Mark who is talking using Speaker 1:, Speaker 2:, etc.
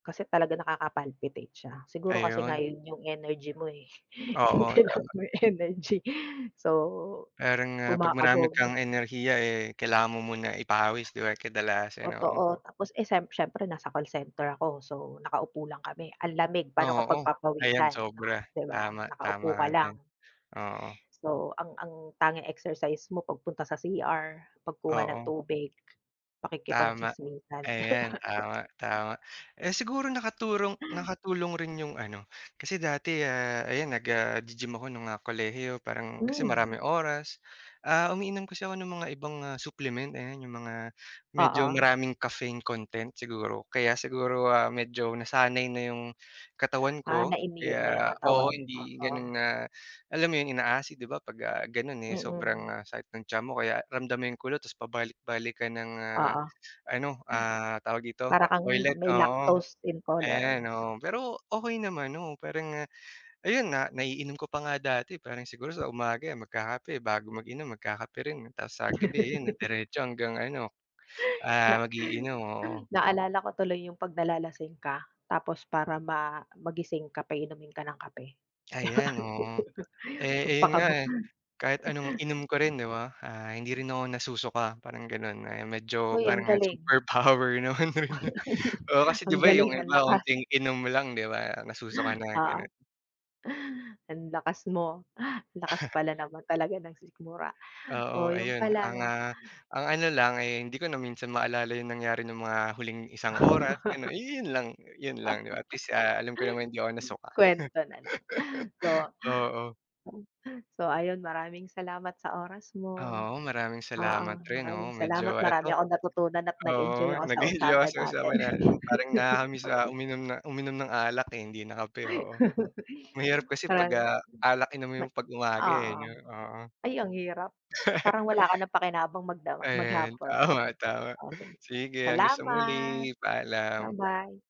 Speaker 1: Kasi talaga nakaka-palpitate siya. Siguro kasi nga
Speaker 2: Ayun.
Speaker 1: 'yun 'yung energy mo, eh. 'Yung
Speaker 2: Oo,
Speaker 1: kailangan
Speaker 2: tama.
Speaker 1: mo yung energy. So
Speaker 2: Parang, ah, 'pag marami
Speaker 1: kumakabog.
Speaker 2: kang enerhiya, eh, kailangan mo muna ipawis, 'di ba, kadalasan, oo.
Speaker 1: Totoo, tapos, eh, siye siyempre nasa call center ako so nakaupo lang kami ang lamig paano ka
Speaker 2: Oo, ayan
Speaker 1: pagpagpapawisan,
Speaker 2: sobra.
Speaker 1: 'di ba
Speaker 2: Tama, tama
Speaker 1: nakaupo
Speaker 2: ka
Speaker 1: ka lang.
Speaker 2: diyan, oo.
Speaker 1: So ang ang tanging exercise mo pagpunta sa CR, pagkuha ng
Speaker 2: Oo.
Speaker 1: tubig,
Speaker 2: Tama,
Speaker 1: pakikipag-chismisan, 'di ba.
Speaker 2: ayan tama, tama. Eh, siguro nakaturong nakatulong rin 'yung ano, kasi dati, ah, ayan nag, ah, gi-gym ako nung, ah, kolehiyo, parang kasi
Speaker 1: Mm.
Speaker 2: maraming oras, ah, umiinom kasi ako ng mga ibang, ah, supplement ayan 'yung mga medyo
Speaker 1: Oo.
Speaker 2: maraming caffeine content siguro, kaya siguro, ah, medyo nasanay na 'yung katawan
Speaker 1: Ah,
Speaker 2: ko
Speaker 1: na-immune na 'yung
Speaker 2: kaya oo,
Speaker 1: katawan,
Speaker 2: hindi
Speaker 1: oo.
Speaker 2: gano'n na, alam mo 'yung ina-acid 'di ba 'pag ga gano'n, eh,
Speaker 1: Mm.
Speaker 2: sobrang sakit ng tiyan mo kaya ramdam mo 'yung kulo, ta's pabalik-balik ka ng, ah,
Speaker 1: Oo.
Speaker 2: ano, ah, tawag dito,
Speaker 1: Para kang
Speaker 2: toilet,
Speaker 1: may
Speaker 2: oo.
Speaker 1: lactose
Speaker 2: Ayan,
Speaker 1: intolerance.
Speaker 2: oo, pero okey naman, oo, parang, ah, ayun nga naiinom ko pa nga dati parang siguro sa umaga magkakape, bago mag-inom magkakape rin, tapos sa gabi ayun diretso hanggang ano,
Speaker 1: Na
Speaker 2: ah, mag-iinom, oo.
Speaker 1: Naalala ko tuloy 'yung 'pag nalalasing ka, tapos para ma magising ka paiinumin ka ng kape.
Speaker 2: Ayan, oo. Eh ayun nga,
Speaker 1: Pampakaba.
Speaker 2: eh, kahit anong inom ko rin 'di ba, ah, hindi rin ako nasusuka parang gano'n. Ayan medyo
Speaker 1: Hoy ang
Speaker 2: parang, ah,
Speaker 1: galing.
Speaker 2: super power naman. Oo, kasi 'di
Speaker 1: Ang
Speaker 2: ba 'yung
Speaker 1: galing, ang
Speaker 2: iba
Speaker 1: lakas.
Speaker 2: onting inom lang 'di ba nasusuka na gano'n.
Speaker 1: Oo. Ang lakas mo. Ang lakas pala naman talaga ng sikmura. Oh
Speaker 2: Oo,
Speaker 1: 'yun
Speaker 2: ayun
Speaker 1: pala
Speaker 2: ang,
Speaker 1: 'no.
Speaker 2: ah, ang ano lang, eh, hindi ko na minsan maalala 'yung nangyari nung mga huling isang oras, ganun. 'Yun lang, 'yun lang 'di ba at least, ah, alam ko namang hindi ako nasuka.
Speaker 1: Kuwento na lang. So
Speaker 2: Oo.
Speaker 1: [unintelligible] So ayun maraming salamat sa oras mo.
Speaker 2: Oo, maraming
Speaker 1: Oo,
Speaker 2: salamat rin,
Speaker 1: maraming
Speaker 2: oo
Speaker 1: salamat,
Speaker 2: medyo
Speaker 1: marami
Speaker 2: eto.
Speaker 1: akong natutunan at nag-enjoy
Speaker 2: Oo,
Speaker 1: ako sa
Speaker 2: nag-enjoy ako
Speaker 1: usapan
Speaker 2: sa
Speaker 1: natin.
Speaker 2: usapan natin, parang nakaka-miss na uminom na uminom ng alak, eh, hindi na kape, oo. Mahirap kasi 'pag,
Speaker 1: Marami
Speaker 2: ah, alak 'yung
Speaker 1: Ma
Speaker 2: inumin mo pag umaga, eh,
Speaker 1: oo.
Speaker 2: 'yun, oo.
Speaker 1: Ay ang hirap, parang wala ka ng pakinabang magdamag
Speaker 2: Ayan,
Speaker 1: maghapon.
Speaker 2: tama, tama.
Speaker 1: Oh sige,
Speaker 2: Sige hanggang sa
Speaker 1: salamat!
Speaker 2: muli. Paalam.
Speaker 1: Ba-bye.